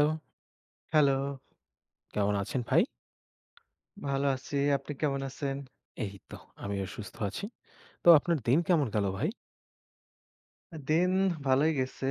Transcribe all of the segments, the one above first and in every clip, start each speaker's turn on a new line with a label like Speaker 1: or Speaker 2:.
Speaker 1: Hello!
Speaker 2: Hello!
Speaker 1: কেমন আছেন ভাই?
Speaker 2: ভালো আছি। আপনি কেমন আছেন?
Speaker 1: এই তো আমিও সুস্থ আছি। তো আপনার দিন কেমন গেল ভাই?
Speaker 2: আ দিন ভালই গেছে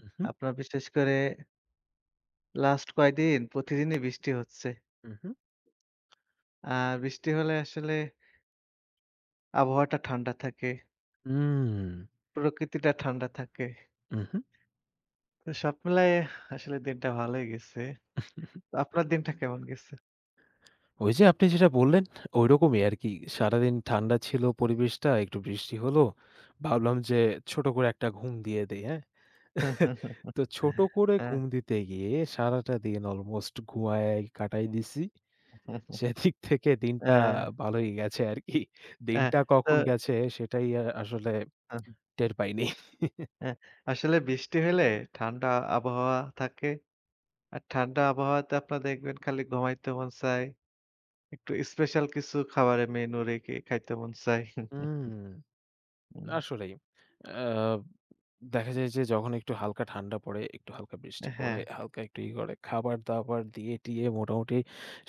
Speaker 1: উহুম।
Speaker 2: আপনার বিশেষ করে লাস্ট কয়দিন প্রতিদিনই বৃষ্টি হচ্ছে
Speaker 1: হু, হু।
Speaker 2: আ বৃষ্টি হলে আসলে আবহাওয়াটা ঠাণ্ডা থাকে
Speaker 1: হুম।
Speaker 2: প্রকৃতিটা ঠাণ্ডা থাকে
Speaker 1: উহু।
Speaker 2: তো সব মিলায় আসলে দিনটা ভালই গেছে। তো আপনার দিনটা কেমন গেছে?
Speaker 1: ওই যে আপনি যেটা বললেন, ঐরকমই আরকি। সারাদিন ঠান্ডা ছিল পরিবেশটা। একটু বৃষ্টি হলো। ভাবলাম যে ছোট করে একটা ঘুম দিয়ে দেই, হ্যাঁ? তো ছোট করে
Speaker 2: হ্যাঁ।
Speaker 1: ঘুম দিতে গিয়ে সারাটা দিন অলমোস্ট ঘুমাইয়া কাটাই দিছি। সেদিক থেকে দিনটা
Speaker 2: অ্যাঁ
Speaker 1: ভালই গেছে আরকি।
Speaker 2: হ্যাঁ,
Speaker 1: দিনটা
Speaker 2: তো
Speaker 1: কখন গেছে সেটাই আ-আসলে
Speaker 2: হু।
Speaker 1: টের পাইনি।
Speaker 2: অ্যা আসলে বৃষ্টি হইলে ঠান্ডা আবহাওয়া থাকে। আর ঠান্ডা আবহাওয়াতে আপনারা দেখবেন খালি ঘুমাইতে মন চায়। একটু স্পেশাল কিছু খাবারের মেনু রেখে খাইতে মন চায়।
Speaker 1: হুম।
Speaker 2: হুম।
Speaker 1: আসলেই। আব দেখা যায় যে যখন একটু হালকা ঠান্ডা পড়ে একটু হালকা বৃষ্টি পড়ে,
Speaker 2: হ্যাঁ।
Speaker 1: হালকা একটু ইয়ে করে, খাবারদাবার দিয়ে টিয়ে মোটামুটি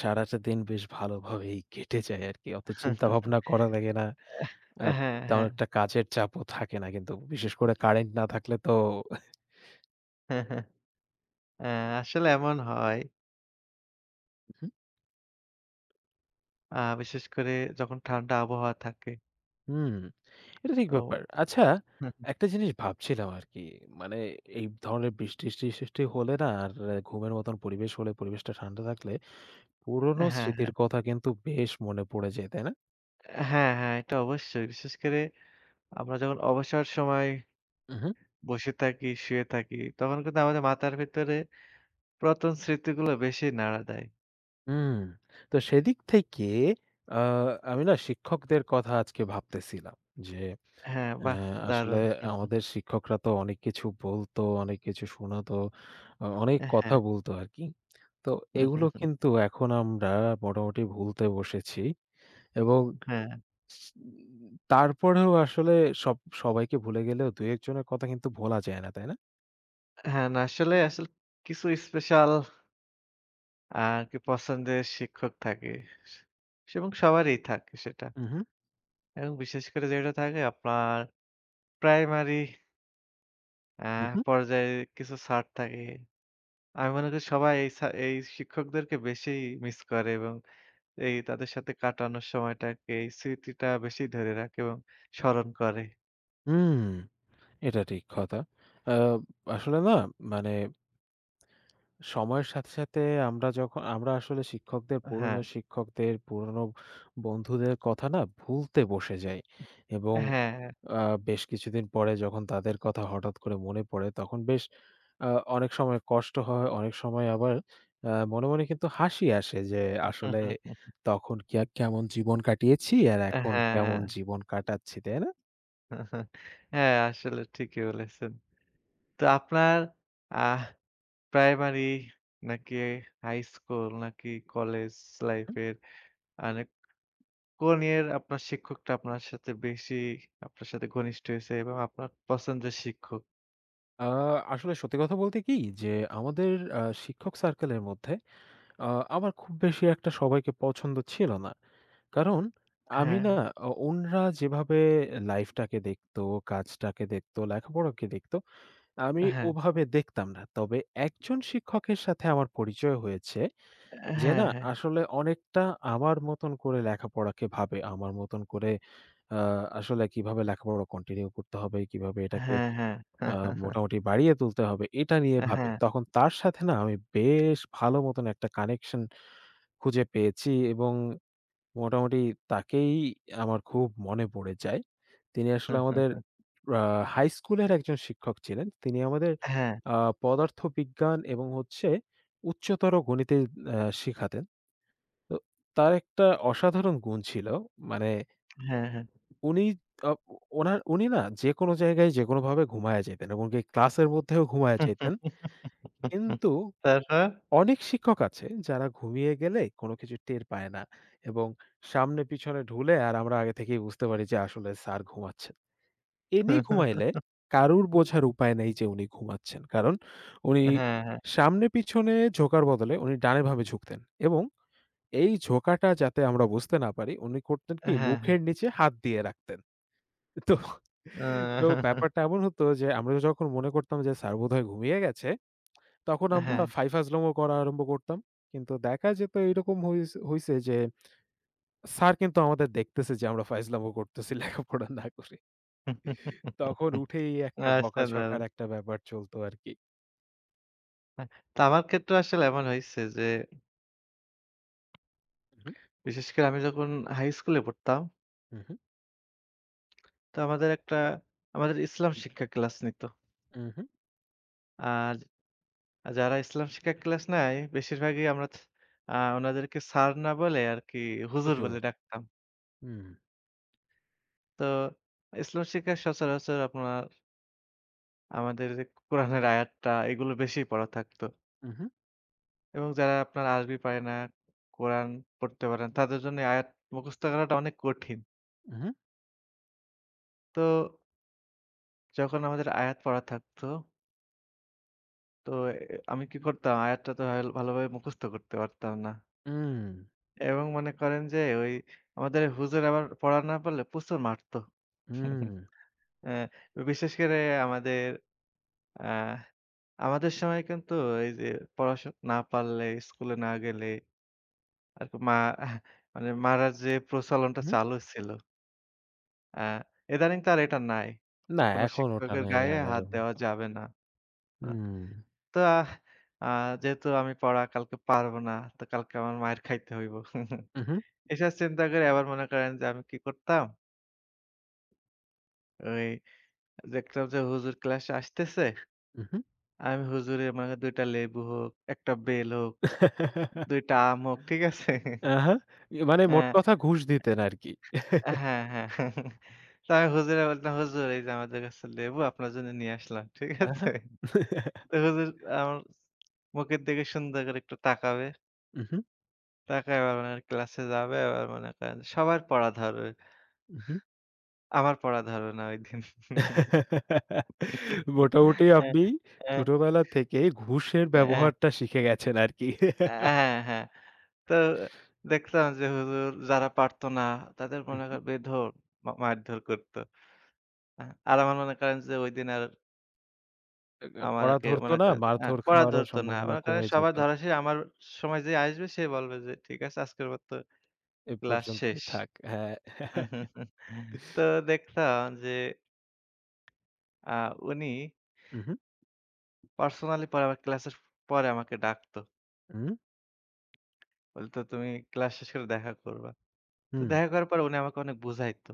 Speaker 1: সারাটা দিন বেশ ভালোভাবেই কেটে যায় আরকি। অত চিন্তা ভাবনা করা লাগে না।
Speaker 2: অ্যাহ
Speaker 1: আর
Speaker 2: হ্যাঁ,
Speaker 1: তেমন
Speaker 2: হ্যাঁ।
Speaker 1: একটা কাজের চাপও থাকে না। কিন্তু বিশেষ করে কারেন্ট না থাকলে তো।
Speaker 2: অ্যা আসলে এমন হয়।
Speaker 1: হু, হুম।
Speaker 2: আ বিশেষ করে যখন ঠান্ডা আবহাওয়া থাকে।
Speaker 1: হুম। এটা ঠিক
Speaker 2: তো
Speaker 1: ব্যাপার। আচ্ছা একটা জিনিস ভাবছিলাম আরকি। মানে এই ব ধরনের বৃষ্টি ইস সৃষ্টি হলে না? আর এ ঘুমের মত পরিবেশ হলে, পরিবেশটা ঠান্ডা থাকলে পুরনো
Speaker 2: হ্যাঁ,
Speaker 1: স্মৃতির
Speaker 2: হ্যাঁ।
Speaker 1: কথা কিন্তু বেশ মনে পড়ে যায়, তাই না?
Speaker 2: আ হ্যাঁ, হ্যাঁ, এটা অবশ্যই। বিশেষ করে আমরা যখন অবসর সময়
Speaker 1: উ হু।
Speaker 2: বসে থাকি, শুয়ে থাকি তখন কিন্তু আমাদের মাথার ভেতরে পুরাতন স্মৃতিগুলো বেশি নাড়া দেয়।
Speaker 1: উম তো সেদিক থেকে আ আমি না শিক্ষকদের কথা আজকে ভাবতেছিলাম। যে
Speaker 2: হ্যাঁ,
Speaker 1: অ্যা
Speaker 2: বাহ!
Speaker 1: আসলে
Speaker 2: দারুণ।
Speaker 1: আমাদের শিক্ষকরা তো অনেক কিছু বলতো, অনেক কিছু শোনাতো। অ অনেক
Speaker 2: এ
Speaker 1: কথা
Speaker 2: হ্যাঁ।
Speaker 1: বলতো আরকি। তো
Speaker 2: হু, হু,
Speaker 1: এগুলো
Speaker 2: হু।
Speaker 1: কিন্তু এখন আমরা আ মোটামুটি ভুলতে বসেছি এবং
Speaker 2: হ্যাঁ।
Speaker 1: উ তারপরেও আসলে সব সবাইকে ভুলে গেলেও ২-১ জনের কথা কিন্তু ভোলা যায় না, তাই না?
Speaker 2: হ্যাঁ। না, আসলে, আসলে কিছু স্পেশাল আরকি পছন্দের শিক্ষক থাকে স এবং সবারই থাকে সেটা।
Speaker 1: উ হু।
Speaker 2: এবং বিশেষ করে যেটা থাকে আপনার প্রাইমারি অ্যা
Speaker 1: হু, হু।
Speaker 2: পর্যায়ে কিছু স্যার থাকে। আমি মনে করি সবাই এই সা শিক্ষকদেরকে বেশি মিস করে এবং এই তাদের সাথে কাটানোর সময়টাকে, এই স্মৃতিটা বেশি ধরে রাখে এবং স্মরণ করে।
Speaker 1: হুম। এটা ঠিক কথা। অ্যা আসলে না মানে সময়ের সাথে, সাথে আমরা যখ আমরা আসলে শিক্ষকদের, পুরোনো
Speaker 2: হ্যাঁ।
Speaker 1: শিক্ষকদের, পুরনো বন্ধুদের কথা না, ভুলতে বসে যাই এবং
Speaker 2: হ্যাঁ, হ্যাঁ।
Speaker 1: অ্যা বেশ কিছুদিন পরে যখন তাদের কথা হঠাৎ করে মনে পড়ে তখন বেশ আ অনেক সময় কষ্ট হয়, অনেক সময় আবার আ মনে, মনে কিন্তু হাসি আসে যে, আসলে তখন কি কে কেমন জীবন কাটিয়েছি আর
Speaker 2: হ্যাঁ,
Speaker 1: এখন কেমন
Speaker 2: হ্যাঁ।
Speaker 1: জীবন কাটাচ্ছি, তাই না?
Speaker 2: হ্যাঁ, আসলে ঠিকই বলেছেন। তো আপনার আহ প্রাইমারি, নাকি হাইস্কুল, নাকি কলেজ লাইফ এর মানে কোন ইয়ের আপনার শিক্ষকটা আপনার সাথে বেশি আপনার সাথে ঘনিষ্ঠ হইছে এবং আপনার পছন্দের শিক্ষক?
Speaker 1: আ আসলে সত্যি কথা বলতে কি? যে আমাদের আ শিক্ষক সার্কেলের মধ্যে আ আমার খুব বেশি একটা সবাইকে পছন্দ ছিল না। কারণ আমি না
Speaker 2: হ্যাঁ।
Speaker 1: আ উনারা যেভাবে লাইফটাকে দেখত, কাজটাকে দেখত, লেখাপড়াকে দেখতো। আমি
Speaker 2: হ্যাঁ।
Speaker 1: ওভাবে দেখতাম না। তবে একজন শিক্ষকের সাথে আমার পরিচয় হয়েছে,
Speaker 2: এ
Speaker 1: যে
Speaker 2: হ্যাঁ,
Speaker 1: না,
Speaker 2: হ্যাঁ।
Speaker 1: আসলে অনেকটা আমার মতন করে লেখাপড়াকে ভাবে। আমার মতন করে আ আসলে কিভাবে লেখাপড়া কন্টিনিউ করতে হবে? কিভাবে এটাকে
Speaker 2: হ্যাঁ, হ্যাঁ।
Speaker 1: আ মোটামুটি বাড়িয়ে তুলতে হবে? এটা নিয়ে ভাবে।
Speaker 2: হ্যাঁ।
Speaker 1: তখন তার সাথে না, আমি বেশ ভালো মতন একটা connection খুঁজে পেয়েছি এবং মোটামুটি তাকেই আমার খুব মনে পড়ে যায়। তিনি আসলে আমাদের আ হাইস্কুলের একজন শিক্ষক ছিলেন। তিনি আমাদের
Speaker 2: হ্যাঁ।
Speaker 1: আ পদার্থবিজ্ঞান এবং হচ্ছে উচ্চতর গণিতে অ্যাঁ শিখাতেন। তো তার একটা অসাধারন গুন ছিল মানে
Speaker 2: হ্যাঁ, হ্যাঁ।
Speaker 1: উনি আ উনার উনি না, যেকোনো জায়গায়, যেকোনো ভাবে ঘুমাইয়া যাইতেন এবং এমনকি ক্লাসের মধ্যেও ঘুমাইয়া যাইতেন। কিন্তু
Speaker 2: তারপর?
Speaker 1: অনেক শিক্ষক আছে, যারা ঘুমিয়ে গেলে কোনো কিছু টের পায় না। এবং সামনে-পিছনে ঢুলে আর আমরা আগে থেকেই বুঝতে পারি যে আসলে স্যার ঘুমাচ্ছেন। ইনি ঘুমাইলে কারুর বোঝার উপায় নেই যে উনি ঘুমাচ্ছেন। কারণ উনি
Speaker 2: হ্যাঁ, হ্যাঁ।
Speaker 1: সামনে-পিছনে ঝোঁকার বদলে উনি ডানে, বামে ঝুঁকতেন। এবং এই ঝোঁকাটা যাতে আমরা বুঝতে না পারি, উনি করতেন কি
Speaker 2: হ্যাঁ, হ্যাঁ।
Speaker 1: মুখের নিচে হাত দিয়ে রাখতেন। তো তো ব্যাপারটা এমন হতো যে, আমরা যখন মনে করতাম যে স্যার বোধহয় ঘুমিয়ে গেছে। তখন আমরা
Speaker 2: হ্যাঁ।
Speaker 1: ফাই ফাইজলাম করা আরম্ভ করতাম। কিন্তু দেখা যেত এইরকম হইছ হইছে যে, স্যার কিন্তু আমাদের দেখতেছে যে আমরা ফাইজলামো করতেছি লেখাপড়া না করে। তখন উঠেই একটা বকাঝকার
Speaker 2: অসাধারন!
Speaker 1: একটা ব্যাপার চলতো আরকি।
Speaker 2: আ তো আমার ক্ষেত্রেও আসলে এমন হইছে যে
Speaker 1: হু, হু।
Speaker 2: বিশেষ করে আমি যখন high school এ পড়তাম।
Speaker 1: হু, হু।
Speaker 2: তো আমাদের একটা আমাদের ইসলাম শিক্ষা ক্লাস নিত।
Speaker 1: উ, হু।
Speaker 2: আর যারা ইসলাম শিক্ষার ক্লাস নেয় বেশিরভাগই আমরা ছ আ ওনাদেরকে স্যার না বলে আরকি হুজুর বলে
Speaker 1: প্রচুর।
Speaker 2: ডাকতাম।
Speaker 1: হুম।
Speaker 2: তো ইসলাম শিক্ষার সচরাচর আপনার আমাদের কোরআনের আয়াতটা এগুলো বেশি পড়া থাকতো।
Speaker 1: হু, হু।
Speaker 2: এবং যারা আপনার আরবি পারে না, কোরআন পড়তে পারে না তাদের জন্য এই আয়াত মুখস্ত করাটা অনেক কঠিন।
Speaker 1: হু হুম।
Speaker 2: তো যখন আমাদের আয়াত পড়া থাকত তো এ আমি কি করতাম, আয়াতটা তো এল ভালোভাবে মুখস্থ করতে পারতাম না।
Speaker 1: হুম।
Speaker 2: এবং মনে করেন যে ওই আমাদের হুজুর আবার পড়া না পারলে প্রচুর মারতো।
Speaker 1: হুম।
Speaker 2: অ্যা বিশেষ করে আমাদের আহ আমাদের সময় কিন্তু এই যে পড়াশোনা না পারলে স্কুলে না গেলে আরকি মা মানে মারার যে প্রচলনটা
Speaker 1: হুম।
Speaker 2: চালু ছিল। আ ইদানিং তো আর এটা নাই। যে
Speaker 1: না,
Speaker 2: কোন
Speaker 1: এখন ওটা
Speaker 2: শিক্ষকের
Speaker 1: নাই
Speaker 2: গায়ে
Speaker 1: আর
Speaker 2: হাত
Speaker 1: আগের
Speaker 2: দেওয়া
Speaker 1: মতো।
Speaker 2: যাবে না।
Speaker 1: হুম।
Speaker 2: তো আ আ যেহেতু আমি পড়া কালকে পারব না তো কালকে আমার মাইর খাইতে হইব।
Speaker 1: হুম, হুম।
Speaker 2: এসব চিন্তা করে আবার মনে করেন যে আমি কি করতাম ওই দেখতাম যে হুজুর ক্লাস আসতেছে।
Speaker 1: হুম, হু।
Speaker 2: আমি হুজুরের মনে করেন ২ টা লেবু হোক, ১টা বেল হোক, 2টা আম হোক, ঠিক আছে?
Speaker 1: আহা। মানে
Speaker 2: আ
Speaker 1: মোট কথা ঘুষ দিতেন আরকি।
Speaker 2: হ্যাঁ হ্যাঁ। তো আমি হুজুররে বললাম, "হুজুর, এই যে আমাদের গাছের লেবু আপনার জন্য নিয়ে আসলাম। ঠিক
Speaker 1: অ্যা
Speaker 2: আছে?"
Speaker 1: হ্যাঁ।
Speaker 2: তো হুজুর আমার মুখের দিকে সুন্দর করে একটু তাকাবে।
Speaker 1: উহু।
Speaker 2: তাকায় এবার মনে করেন ক্লাসে যাবে আবার মনে করেন সবার পড়া ধরবে।
Speaker 1: উহু।
Speaker 2: আমার পড়া ধরবেনা ঐদিন।
Speaker 1: মোটামুটি
Speaker 2: আ
Speaker 1: আপনি
Speaker 2: আ
Speaker 1: ছোটবেলা থেকেই ঘুষের
Speaker 2: এ
Speaker 1: ব্যবহারটা শিখে গেছেন আরকি।
Speaker 2: আ হ্যাঁ। তো দেখতাম যে হুজুর যারা পারত না তাদের
Speaker 1: হু,
Speaker 2: মনে
Speaker 1: হু।
Speaker 2: করেন বেধড় মা মারধর করতো। আ আর আবার মনে করেন যে ঐদিন আর
Speaker 1: আ পড়া
Speaker 2: আমাকে
Speaker 1: ধরতো
Speaker 2: মনে
Speaker 1: না,
Speaker 2: করেন আ
Speaker 1: মারধর
Speaker 2: পড়া
Speaker 1: খাওয়ারও
Speaker 2: ধরত না।
Speaker 1: সম্ভাবনা
Speaker 2: মনে করেন
Speaker 1: কমে
Speaker 2: সবার
Speaker 1: যেত।
Speaker 2: ধরা শেষ আমার সময় যে আসবে সে বলবে যে ঠিক আছে আজকের মতো
Speaker 1: এ
Speaker 2: ক্লাস
Speaker 1: পর্যন্তই
Speaker 2: শেষ।
Speaker 1: থাক। হ্যাঁ।
Speaker 2: তো দেখলাম যে। আ উনি।
Speaker 1: হু, হু।
Speaker 2: পার্সোনালি পরে আমাকে ক্লাসের পরে আমাকে ডাকত।
Speaker 1: হুম।
Speaker 2: বলতো, "তুমি ক্লাস শেষেও দেখা করবা।" তো
Speaker 1: হুম।
Speaker 2: দেখা করার পর উনি আমাকে অনেক বুঝাইত।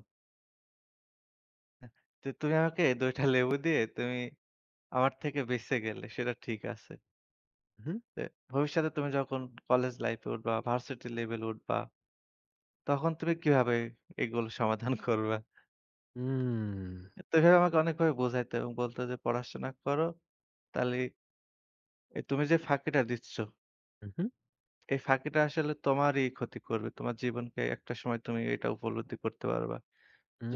Speaker 2: তো তুমি আমাকে ২টা লেবু দিয়ে তুমি আমার থেকে বেঁচে গেলে সেটা ঠিক আছে
Speaker 1: হু, হুম।
Speaker 2: "এ ভবিষ্যতে তুমি যখন কলেজ লাইফ এ উঠবা, ভার্সিটি লেভেলে উঠবা, তখন তুমি কিভাবে এগুলো সমাধান করবা?"
Speaker 1: হুম।
Speaker 2: তো এভাবে আমাকে অনেকভাবে বোঝাইত এবং বলত যে, "পড়াশোনা করো, তাহলে এ তুমি যে ফাঁকিটা দিচ্ছ"
Speaker 1: হু, হু।
Speaker 2: "এই ফাঁকিটা আসলে তোমারই ক্ষতি করবে। তোমার জীবনকে একটা সময় তুমি এটা উপলব্ধি করতে পারবা।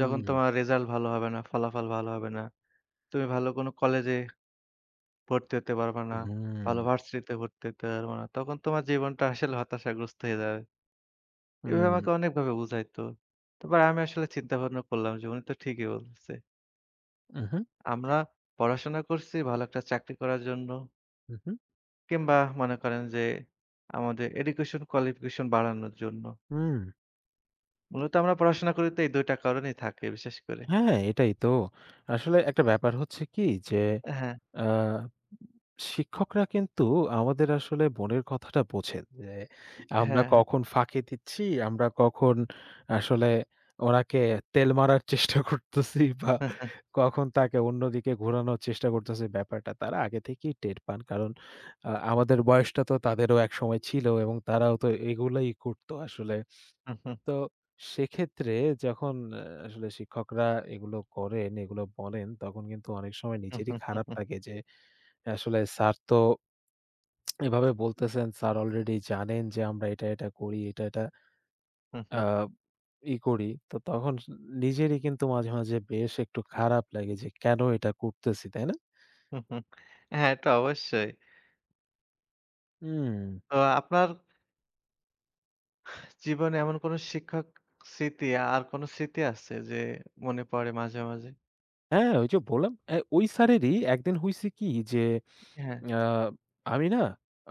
Speaker 2: যখন তোমার রেজাল্ট ভালো হবে না, ফলাফল ভালো হবে না। তুমি ভালো কোন কলেজে ভর্তি হতে পারবা না। ভালো
Speaker 1: হু।
Speaker 2: ভার্সিটিতে ভর্তি হতে পারবা না। তখন তোমার জীবনটা আসলে হতাশাগ্রস্ত হয়ে যাবে।" এভাবে
Speaker 1: হুম।
Speaker 2: আমাকে অনেকভাবে বুঝাইত। তারপর আমি আসলে চিন্তাভাবনা করলাম যে উনি তো ঠিকই বলতেছে।
Speaker 1: উহু।
Speaker 2: আমরা পড়াশোনা করছি ভালো একটা চাকরি করার জন্য।
Speaker 1: হুম, হুম।
Speaker 2: কিংবা মনে করেন যে আমাদের education qualification বাড়ানোর জন্য।
Speaker 1: হুম।
Speaker 2: মূলত আমরা পড়াশোনা করি তো এই দুইটা কারণেই থাকে বিশেষ করে।
Speaker 1: হ্যাঁ, এটাই তো। আসলে একটা ব্যাপার হচ্ছে কি যে
Speaker 2: হ্যাঁ।
Speaker 1: আ শিক্ষকরা কিন্তু আমাদের আসলে মনের কথাটা বোঝেন। যে আমরা
Speaker 2: হ্যাঁ, হ্যাঁ।
Speaker 1: কখন ফাঁকি দিচ্ছি, আমরা কখন আসলে ওনাকে তেল মারার চেষ্টা করতেছি বা কখন তাকে অন্যদিকে ঘোরানোর চেষ্টা করতেছি ব্যাপারটা তারা আগে থেকেই টের পান। কারণ আ আমাদের বয়সটা তো তাদেরও একসময় ছিল এবং তারাও তো এগুলোই করত আসলে।
Speaker 2: হু, হুম।
Speaker 1: তো সেক্ষেত্রে যখন আসলে শিক্ষকরা এগুলো করেন, এগুলো বলেন তখন কিন্তু অনেক সময় নিজেরই খারাপ লাগে যে আসলে স্যার তো এভাবে বলতেছেন স্যার অলরেডি জানেন যে আমরা এটা, এটা করি এটা, এটা
Speaker 2: হু, হু।
Speaker 1: আব ই করি। তো তখন নিজেরই কিন্তু মাঝে মাঝে বেশ একটু খারাপ লাগে যে কেন এটা করতেছি, তাই না?
Speaker 2: হু, হু। হ্যাঁ, এটা অবশ্যই।
Speaker 1: উম
Speaker 2: তো আপনার জীবনে এমন কোনো শিক্ষক স্মৃতি, আর কোনো স্মৃতি আছে যে মনে পড়ে মাঝে, মাঝে?
Speaker 1: হ্যাঁ, ওইযে বললাম অ্যা ঐ স্যারেরই ১ দিন হইছে কি যে,
Speaker 2: হ্যাঁ।
Speaker 1: অ্যা আমি না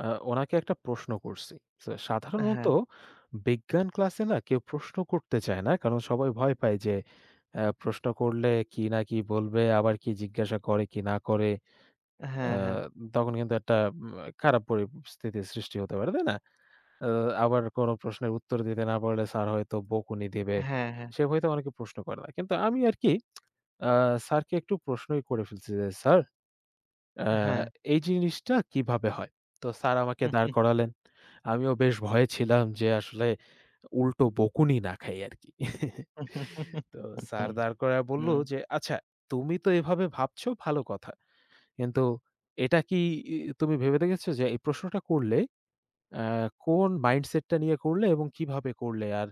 Speaker 1: আ ওনাকে একটা প্রশ্ন করছি। সা
Speaker 2: আ
Speaker 1: সাধারণত
Speaker 2: হ্যাঁ।
Speaker 1: বিজ্ঞান ক্লাসে না কেউ প্রশ্ন করতে চায় না কারণ সবাই ভয় পায় যে অ্যা প্রশ্ন করলে কি না কি বলবে? আবার কি জিজ্ঞাসা করে কি না করে? আ
Speaker 2: হ্যাঁ, হ্যাঁ।
Speaker 1: তখন কিন্তু একটা মা খারাপ পরিস্থিতির সৃষ্টি হতে পারে, তাই না? আ আবার কোন প্রশ্নের উত্তর দিতে না পারলে স্যার হয়তো বকুনি দিবে।
Speaker 2: হ্যাঁ, হ্যাঁ।
Speaker 1: সে ভয়েতে অনেকে প্রশ্ন করে না। কিন্তু আমি আরকি আ স্যারকে একটু প্রশ্নই করে ফেলছি যে, "স্যার, অ্যা
Speaker 2: হ্যাঁ।
Speaker 1: এই জিনিসটা কিভাবে হয়?" তো স্যার আমাকে দাঁড় করালেন। আমিও বেশ ভয়ে ছিলাম যে আসলে উল্টো বকুনি না খাই আরকি। তো স্যার দাঁড় করায়ে বললো
Speaker 2: হুম।
Speaker 1: যে, "আচ্ছা তুমি তো এভাবে ভাবছো, ভালো কথা। কিন্তু এটা কি ই তুমি ভেবে দেখেছো যে এই প্রশ্নটা করলে, অ্যা কোন mindset টা নিয়ে করলে এবং কিভাবে করলে আর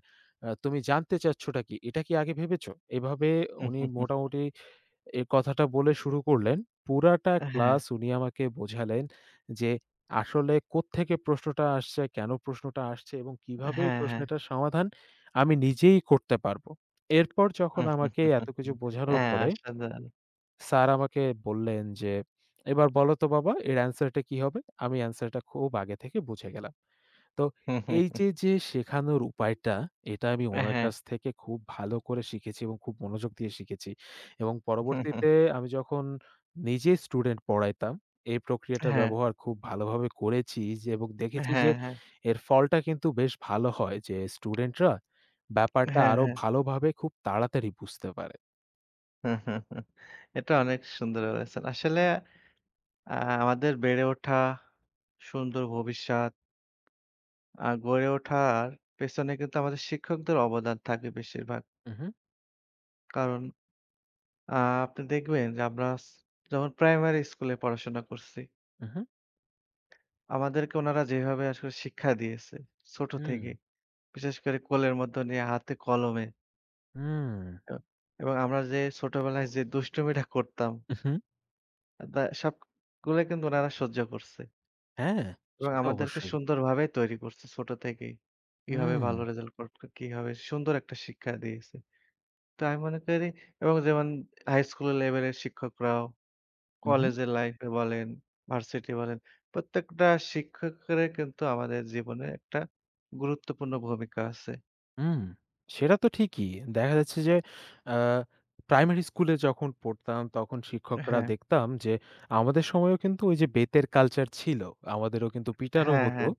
Speaker 1: তুমি জানতে চাচ্ছটা কি? এটা কি আগে ভেবেছো?" এভাবে উনি মোটামুটি এই কথাটা বলে শুরু করলেন। পুরাটা
Speaker 2: অ্যা হ্যাঁ।
Speaker 1: ক্লাস উনি আমাকে বোঝালেন যে আসলে কোত্থেকে প্রশ্নটা আসছে, কেন প্রশ্নটা আসছে এবং কীভাবে এই
Speaker 2: হ্যাঁ, হ্যাঁ।
Speaker 1: প্রশ্নেটার সমাধান আমি নিজেই করতে পারবো। এরপর যখন আমাকে এত কিছু বোঝানোর
Speaker 2: হ্যাঁ,
Speaker 1: পরে
Speaker 2: আশ্চর্যজনক।
Speaker 1: স্যার আমাকে বললেন যে, "এবার বলো তো বাবা এর answer কি হবে?" আমি answer টা খুব আগে থেকে বুঝে গেলাম। তো এইযে যে শেখানোর উপায়টা, এটা আমি
Speaker 2: অ্যা
Speaker 1: ওনার
Speaker 2: হ্যাঁ।
Speaker 1: কাছ থেকে খুব ভালো করে শিখেছি এবং খুব মনোযোগ দিয়ে শিখেছি। এবং পরবর্তীতে আমি যখন নিজে স্টুডেন্ট পড়াইতাম, এই
Speaker 2: অ্যা
Speaker 1: প্রক্রিয়াটার
Speaker 2: হ্যাঁ।
Speaker 1: ব্যবহার খুব ভালোভাবে করেছি যে এবং দেখেছি যে
Speaker 2: হ্যাঁ, হ্যাঁ।
Speaker 1: এর ফলটা কিন্তু বেশ ভালো হয় যে স্টুডেন্টরা ব্যাপারটা
Speaker 2: হ্যাঁ,
Speaker 1: আরো
Speaker 2: হ্যাঁ।
Speaker 1: ভালোভাবে খুব তাড়াতাড়ি বুঝতে পারে।
Speaker 2: এটা অনেক সুন্দর বলেছেন আসলে আ আমাদের বেড়ে ওঠা সুন্দর ভবিষ্যৎ আর গড়ে ওঠার পেছনে কিন্তু আমাদের শিক্ষকদের অবদান থাকে বেশিরভাগ।
Speaker 1: উহু।
Speaker 2: কারণ আ আপনি দেখবেন যে আমরা অছ যখন প্রাইমারি স্কুলে পড়াশোনা করছি
Speaker 1: উহু।
Speaker 2: আমাদেরকে ওনারা যেভাবে আসলে শিক্ষা দিয়েছে ছোট থেকে,
Speaker 1: হুম।
Speaker 2: বিশেষ করে কোলের মধ্য নিয়া হাতে-কলমে।
Speaker 1: হুম।
Speaker 2: এ এবং আমরা যে ছোটবেলায় যে দুষ্টুমিটা করতাম।
Speaker 1: উহু।
Speaker 2: অ্যা দ সবগুলো কিন্তু ওনারা সহ্য করছে।
Speaker 1: হ্যাঁ,
Speaker 2: এবং
Speaker 1: সে তো
Speaker 2: আমাদেরকে
Speaker 1: অবশ্যই।
Speaker 2: সুন্দরভাবে তৈরি করছে ছোট থেকেই। কিভাবে
Speaker 1: হুম।
Speaker 2: ভালো রেজাল্ট করবে? কিভাবে সুন্দর একটা শিক্ষা দিয়েছে। তো আমি মনে করি এবং যেমন হাই স্কুল লেভেলের শিক্ষকরাও,
Speaker 1: উহু।
Speaker 2: কলেজের লাইফে বলেন, ভার্সিটি বলেন, প্রত্যেকটা শিক্ষকেরে কিন্তু আমাদের জীবনে একটা গুরুত্বপূর্ণ ভূমিকা আছে।
Speaker 1: হুম। সেটা তো ঠিকই। দেখা যাচ্ছে যে আ প্রাইমারি স্কুলে যখন পড়তাম, তখন
Speaker 2: এ
Speaker 1: শিক্ষকরা
Speaker 2: হ্যাঁ।
Speaker 1: দেখতাম যে আমাদের সময়েও কিন্তু ওইযে বেতের কালচার ছিল। আমাদেরও কিন্তু পিটানো
Speaker 2: হ্যাঁ,
Speaker 1: হতো।
Speaker 2: হ্যাঁ।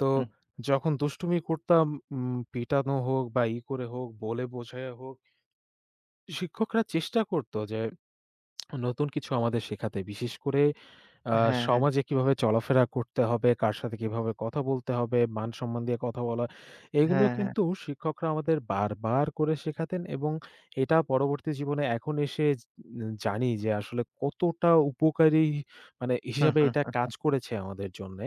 Speaker 1: তো
Speaker 2: হুম।
Speaker 1: যখন দুষ্টুমি করতাম উম পিটানো হোক বা, ই করে হোক, বলে বোঝাইয়া হোক। শিক্ষকরা চেষ্টা করতো যে নতুন কিছু আমাদের শেখাতে। বিশেষ করে আ
Speaker 2: হ্যাঁ, হ্যাঁ।
Speaker 1: সমাজে কিভাবে চলাফেরা করতে হবে, কার সাথে কিভাবে কথা বলতে হবে, মান-সম্মান দিয়ে কথা বলা। এগুলো
Speaker 2: হ্যাঁ, হ্যাঁ।
Speaker 1: কিন্তু শিক্ষকরা আমাদের বারবার করে শেখাতেন এবং এটা পরবর্তী জীবনে এখন এসে জে জানি যে আসলে কতটা উপকারী মানে হিসাবে এটা কাজ করেছে আমাদের জন্যে।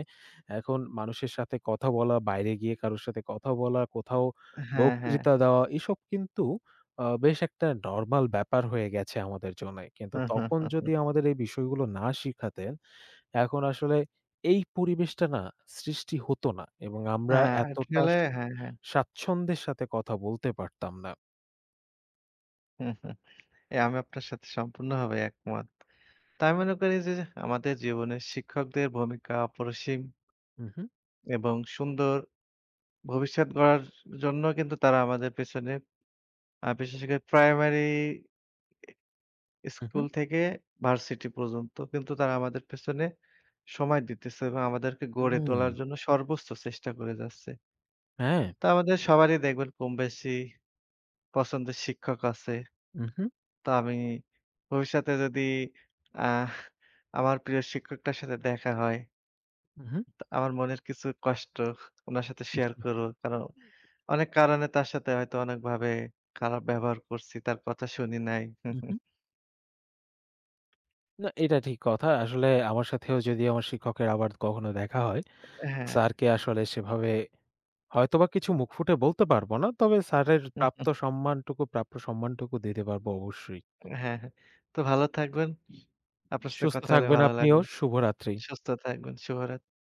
Speaker 1: এখন মানুষের সাথে কথা বলা, বাইরে গিয়ে কারো সাথে কথা বলা, কোথাও
Speaker 2: হ্যাঁ, হ্যাঁ।
Speaker 1: বক্তৃতা দেওয়া, এসব কিন্তু আ বেশ একটা নরমাল ব্যাপার হয়ে গেছে আমাদের জন্যে। কিন্তু তখন যদি আমাদের এই বিষয়গুলো না শিখাতেন, এখন আসলে এই পরিবেশটা না সৃষ্টি হতো না এবং আমরা
Speaker 2: হ্যাঁ।
Speaker 1: এতটা স
Speaker 2: [unintelligible] হ্যাঁ, হ্যাঁ।
Speaker 1: স্বাচ্ছন্দ্যের সাথে কথা বলতে পারতাম না।
Speaker 2: এ আমি আপনার সাথে সম্পূর্ণভাবে একমত। তা আমি মনে করি যে আমাদের জীবনে শিক্ষকদের ভূমিকা অপরসীম।
Speaker 1: হু, হু।
Speaker 2: এবং সুন্দর ভবিষ্যৎ গড়ার জন্য কিন্তু তারা আমাদের পেছনে আ বিশেষ করে প্রাইমারি এ
Speaker 1: উ হু।
Speaker 2: স্কুল থেকে ভার্সিটি পর্যন্ত কিন্তু তারা আমাদের পেছনে সময় দিতেছে এবং আমাদেরকে গড়ে
Speaker 1: হুম।
Speaker 2: তোলার জন্য সর্বোচ্চ চেষ্টা করে যাচ্ছে
Speaker 1: হ্যাঁ।
Speaker 2: তো আমাদের সবারই দেখবেন কম বেশি পছন্দের শিক্ষক আছে।
Speaker 1: উহু।
Speaker 2: তো আমি ভবিষ্যতে যদি আহ আমার প্রিয় শিক্ষকটার সাথে দেখা হয়।
Speaker 1: উহু।
Speaker 2: তো আমার মনের কিছু কষ্ট হ উনার সাথে শেয়ার
Speaker 1: [unintelligible]
Speaker 2: করবো। কারণ
Speaker 1: হু।
Speaker 2: অনেক কারণে তার সাথে হয়তো অনেকভাবে খারাপ ব্যবহার করছি, তার কথা শুনি নাই।
Speaker 1: উহু। না, এটা ঠিক কথা। আসলে আমার সাথেও যদি আমার শিক্ষকের আবার কখনো দেখা হয়,
Speaker 2: হ্যাঁ।
Speaker 1: স্যারকে আসলে সেভাবে হয়তোবা কিছু মুখ ফুটে বলতে পারব না। তবে স্যারের প্রাপ্ত সম্মানটুকু প্রাপ্য সম্মানটুকু দিতে পারব অবশ্যই।
Speaker 2: হ্যাঁ, হ্যাঁ। তো ভালো থাকবেন। আপনার সাথে
Speaker 1: সুস্থ
Speaker 2: কথা হলে
Speaker 1: থাকবেন
Speaker 2: ভালো
Speaker 1: আপনিও।
Speaker 2: লাগলো।
Speaker 1: শুভরাত্রি।
Speaker 2: সুস্থ থাকবেন। শুভরাত্রি।